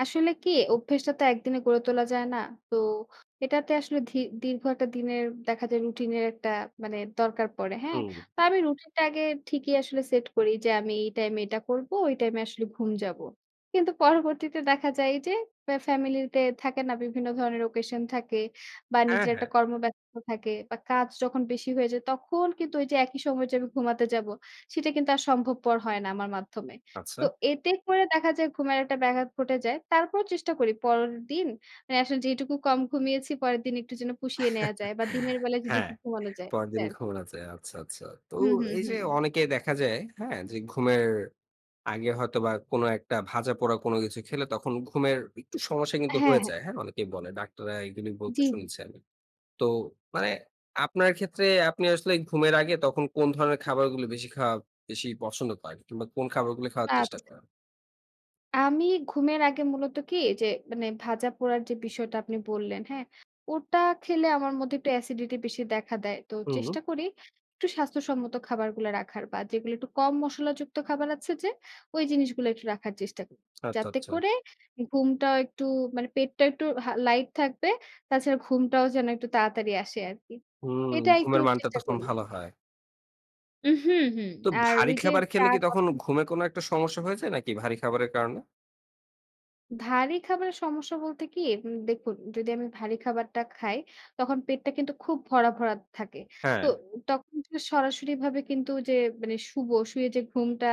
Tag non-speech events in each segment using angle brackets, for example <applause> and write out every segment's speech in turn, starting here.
আসলে কি অভ্যেসটা তো একদিনে গড়ে তোলা যায় না। তো এটাতে আসলে ধি দীর্ঘ একটা দিনের দেখা যায় রুটিন এর একটা মানে দরকার পড়ে। হ্যাঁ? হুম। তো আমি রুটিনটা আগে ঠিকই আসলে সেট করি যে, আমি এই টাইমে এটা করবো, ওই টাইমে আসলে ঘুম যাবো। কিন্তু পরবর্তীতে দেখা যায় যে, আ ফ্যামিলি তে থাকে না? বিভিন্ন ধরনের occasion থাকে। বা অ্যা নিজের একটা হ্যাঁ। কর্ম ব্যস্ত থাকে বা কাজ যখন বেশি হয়ে যায় তখন কিন্তু ওই যে, একই সময়ে যে, আমি ঘুমাতে যাব। সেটা কিন্তু আর সম্ভবপর হয় না আমার মাধ্যমে। তো আচ্ছা। এতে করে দেখা যায় ঘুমের একটা ব্যাঘাত ঘটে যায়। তারপরও চেষ্টা করি। পরের দিন মানে আসলে যেটুকু কম ঘুমিয়েছি পরের দিন একটু যেন পুষিয়ে নেয়া যায় বা দিনের <chuckles> বেলায় যদি হ্যাঁ, একটু ঘুমানো যায় পরেরদিন এটাই আরকি। ঘুম আছে। আচ্ছা, আচ্ছা। তো হুম, হুম, এই যে, হুম। অনেকে দেখা যায়, হ্যাঁ, যে, ঘুমের আগে হয়তোবা কোন একটা ভাজাপোড়া কোন কিছু খেলে তখন ঘুমের একটু সমস্যা কিন্তু হ্যাঁ, হয়ে হ্যাঁ। যায়। হ্যাঁ, অনেকেই বলে। ডাক্তাররা এগুলি বলতে জি, জি। শুনেছি আমি। তো মানে আপনার ক্ষেত্রে আপনি আসলে ঘুমের আগে তখন কোন ধরনের খাবারগুলি বেশি খাওয়া বেশি পছন্দ করেন কিংবা কোন খাবারগুলো খাওয়ার চেষ্টা আচ্ছা। করেন? আমি ঘুমের আগে মূলত কি ওইযে মানে ভাজা পোড়ার যে, বিষয়টা আপনি বললেন হ্যাঁ, ওটা খেলে আমার মধ্যে একটু অ্যাসিডিটি বেশি দেখা দেয়। তো হুম। চেষ্টা করি একটু স্বাস্থ্যসম্মত খাবারগুলা রাখার বা যেগুলা একটু কম মশলা যুক্ত খাবার আছে যে, ওই জিনিসগুলা একটু রাখার চেষ্টা করি। আচ্চা, যাতে আচ্চা। করে ঘুমটাও একটু মানে পেটটা একটু হা লাইট থাকবে। তাছাড়া ঘুমটাও যেন একটু তাড়াতাড়ি আসে আরকি। হুম, এটা একটু ঘুমের মানটা চেষ্টা তখন করি। ভালো হয়। উ হুম, হুম। তো আর ভারী ওই যে, খাবার চা খেলে কি তখন কফি ঘুমে কোন একটা সমস্যা হয়ে যায় নাকি ভারী খাবারের কারণে? ভারী খাবারের সমস্যা বলতে কি? উম দেখুন যদি আমি ভারী খাবারটা খাই তখন পেটটা কিন্তু খুব ভরা, ভরা থাকে। তো হ্যাঁ। তখন জ সরাসরি ভাবে কিন্তু যে, মানে শুবো শুয়ে যে, ঘুমটা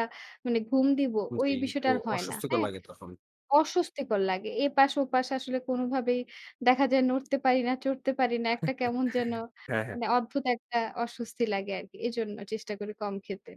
মানে ঘুম দিব ওই জি, বিষয়টা একটু আর হয় না। অস্বস্তিকর হ্যাঁ? লাগে তখন। অস্বস্তিকর লাগে। এপাশে ওপাশে আসলে কোনভাবেই দেখা যায় নড়তে পারি না, চড়তে পারি না। একটা কেমন যেন <chuckles> হ্যাঁ, হ্যাঁ। মানে অদ্ভুত একটা অস্বস্তি লাগে আরকি। এজন্য চেষ্টা করি কম খেতে।